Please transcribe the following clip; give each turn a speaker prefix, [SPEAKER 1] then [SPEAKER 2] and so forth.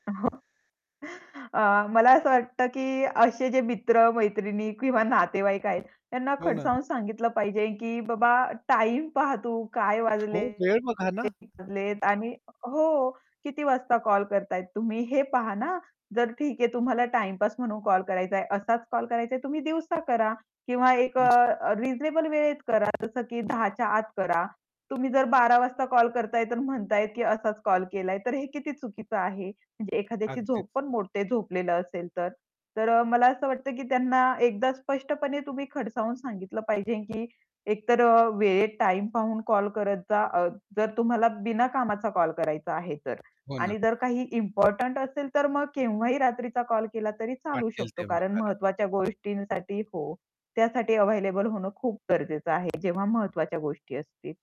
[SPEAKER 1] अ, हो. अ, मला असं
[SPEAKER 2] अं.
[SPEAKER 1] वाटतं, की असे जे मित्र-मैत्रिणी किंवा नातेवाईक आहेत, त्यांना
[SPEAKER 2] हो ना.
[SPEAKER 1] खडसावून सांगितलं पाहिजे, की बाबा, टाईम पहा तू काय
[SPEAKER 2] हो,
[SPEAKER 1] वाजले?
[SPEAKER 2] वेळ बघा ना.
[SPEAKER 1] कीती वाजले? आणि हो, किती वाजता कॉल करत आहे तुम्ही, हे पहा ना. जर ठीक आहे तुम्हाला टाईमपास म्हणून कॉल करायचा आहे, असाच कॉल करायचा आहे तुम्ही दिवसा करा किंवा एक अ, रिझनेबल वेळेत करा, जसं की 10:00 च्या आत करा. तुम्ही जर 12:00 वाजता कॉल करत आहे तर म्हणत आहे, की असाच कॉल केलाय, तर हे किती चुकीचं आहे. म्हणजे एखाद्याची
[SPEAKER 2] अगदीच.
[SPEAKER 1] झोपपण मोडते झोपलेलं असेल तर. तर अ, मला असं वाटतं, की त्यांना एकदा स्पष्टपणे तुम्ही खडसावून सांगितलं पाहिजे, की एकतर अ, वेळेत टाईम पाहून कॉल करत जा. अ, जर तुम्हाला बिना कामाचा कॉल करायचा आहे तर.
[SPEAKER 2] हो ना.
[SPEAKER 1] आणि जर काही इम्पोर्टंट असेल तर मग केव्हाही रात्रीचा कॉल केला तरी चालू
[SPEAKER 2] वाटेल
[SPEAKER 1] शकतो,
[SPEAKER 2] तेव्हा
[SPEAKER 1] कारण
[SPEAKER 2] करा.
[SPEAKER 1] महत्वाच्या गोष्टींसाठी हो. त्यासाठी अव्हेलेबल होणं खूप गरजेचं आहे, जेव्हा महत्वाच्या गोष्टी असतील.